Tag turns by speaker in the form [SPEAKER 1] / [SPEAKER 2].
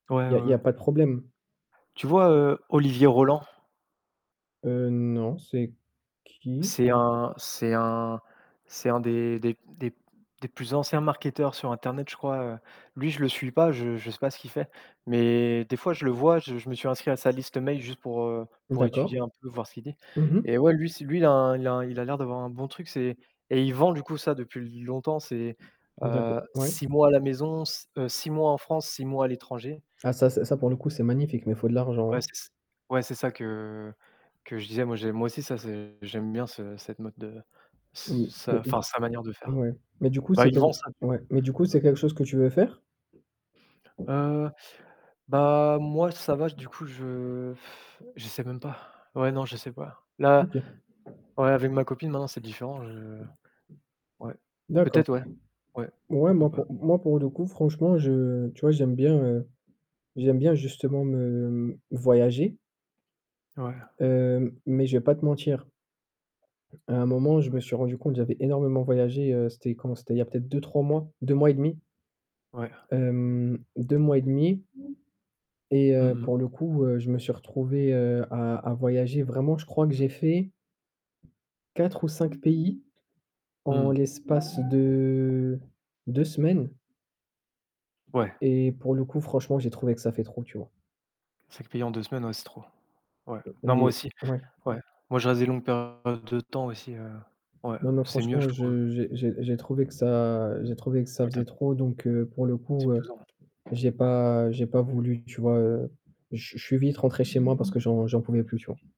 [SPEAKER 1] Ouais,
[SPEAKER 2] Il
[SPEAKER 1] ouais,
[SPEAKER 2] y a il y
[SPEAKER 1] ouais.
[SPEAKER 2] a pas de problème.
[SPEAKER 1] Tu vois, heu, Olivier Roland?
[SPEAKER 2] Heu non, c'est qui?
[SPEAKER 1] C'est un c'est un c'est un des des des des plus anciens marketeurs sur internet, je crois, heu, lui, je le suis pas, je je sais pas ce qu'il fait, mais des fois je le vois, je je me suis inscrit à sa liste mail juste pour, heu, pour étudier
[SPEAKER 2] D'accord.
[SPEAKER 1] un peu, voir ce qu'il dit
[SPEAKER 2] Mmh mh.
[SPEAKER 1] et ouais, lui s lui, il a il a l'air d'avoir un bon truc, c'est et il vend du coup ça depuis longtemps, c'est
[SPEAKER 2] D'accord,
[SPEAKER 1] heu,
[SPEAKER 2] ouais.
[SPEAKER 1] 6 mois à la maison, heu, 6 mois en France, 6 mois à l'étranger.
[SPEAKER 2] Ah ça, c'est ça pour le coup c'est magnifique mais il faut de l'argent,
[SPEAKER 1] Ouais,
[SPEAKER 2] hein.
[SPEAKER 1] c'est ç ouais, c'est ça que que je disais. Moi j'aime moi aussi ça, c'est j'aime bien ce cette mode de
[SPEAKER 2] M mais
[SPEAKER 1] sa enfin,
[SPEAKER 2] du
[SPEAKER 1] sa manière de faire.
[SPEAKER 2] ouais, mais du coup
[SPEAKER 1] Bah
[SPEAKER 2] c'est
[SPEAKER 1] il vend
[SPEAKER 2] quelque
[SPEAKER 1] ça, du
[SPEAKER 2] ouais, mais du coup
[SPEAKER 1] coup.
[SPEAKER 2] c'est quelque chose que tu veux faire?
[SPEAKER 1] Heu, bah, moi, ça va, du coup, je je sais même pas. Ouais, non, je sais pas. Là,
[SPEAKER 2] OK.
[SPEAKER 1] ouais, avec ma copine maintenant, c'est différent. Je ouais.
[SPEAKER 2] D'accord.
[SPEAKER 1] Peut-être ouais, ouais,
[SPEAKER 2] Ouais,
[SPEAKER 1] pourquoi
[SPEAKER 2] moi,
[SPEAKER 1] pas.
[SPEAKER 2] pour moi, pour le coup, franchement je tu vois j'aime bien, heu, j'aime bien justement me m voyager
[SPEAKER 1] Ouais.
[SPEAKER 2] hem, mais je vais pas te mentir. À un moment je me
[SPEAKER 1] Ouais.
[SPEAKER 2] suis rendu compte j'avais énormément voyagé, heu, c'était quand? C'était il a peut-être 2-3 mois, 2 mois et demi
[SPEAKER 1] Ouais.
[SPEAKER 2] hem, 2 mois et demi. Et
[SPEAKER 1] Mmh
[SPEAKER 2] heu,
[SPEAKER 1] mh.
[SPEAKER 2] pour le coup, heu, je me suis retrouvé, heu, à à voyager. Vraiment je crois que j'ai fait 4 ou 5 pays en
[SPEAKER 1] Mmh.
[SPEAKER 2] l'espace de 2 semaines.
[SPEAKER 1] Ouais.
[SPEAKER 2] Et pour le coup, franchement j'ai trouvé que ça fait trop, tu vois?
[SPEAKER 1] 5 pays en 2 semaines, ouais c'est trop. Ouais.
[SPEAKER 2] Heu,
[SPEAKER 1] Non moi
[SPEAKER 2] et
[SPEAKER 1] aussi,
[SPEAKER 2] ouais?
[SPEAKER 1] ouais. Moi je reste des longues périodes de temps aussi, heu, ouais,
[SPEAKER 2] Non mais
[SPEAKER 1] c'est mieux je
[SPEAKER 2] franchement,
[SPEAKER 1] trouve.
[SPEAKER 2] je j'ai j'ai j'ai trouvé que ça j'ai trouvé que ça
[SPEAKER 1] Total
[SPEAKER 2] faisait trop, donc pour le
[SPEAKER 1] C'est
[SPEAKER 2] coup, heu,
[SPEAKER 1] pesant, hein.
[SPEAKER 2] j'ai pas j'ai pas voulu, tu vois, heu, je je suis vite rentré chez moi parce que j'en j'en pouvais plus, tu vois?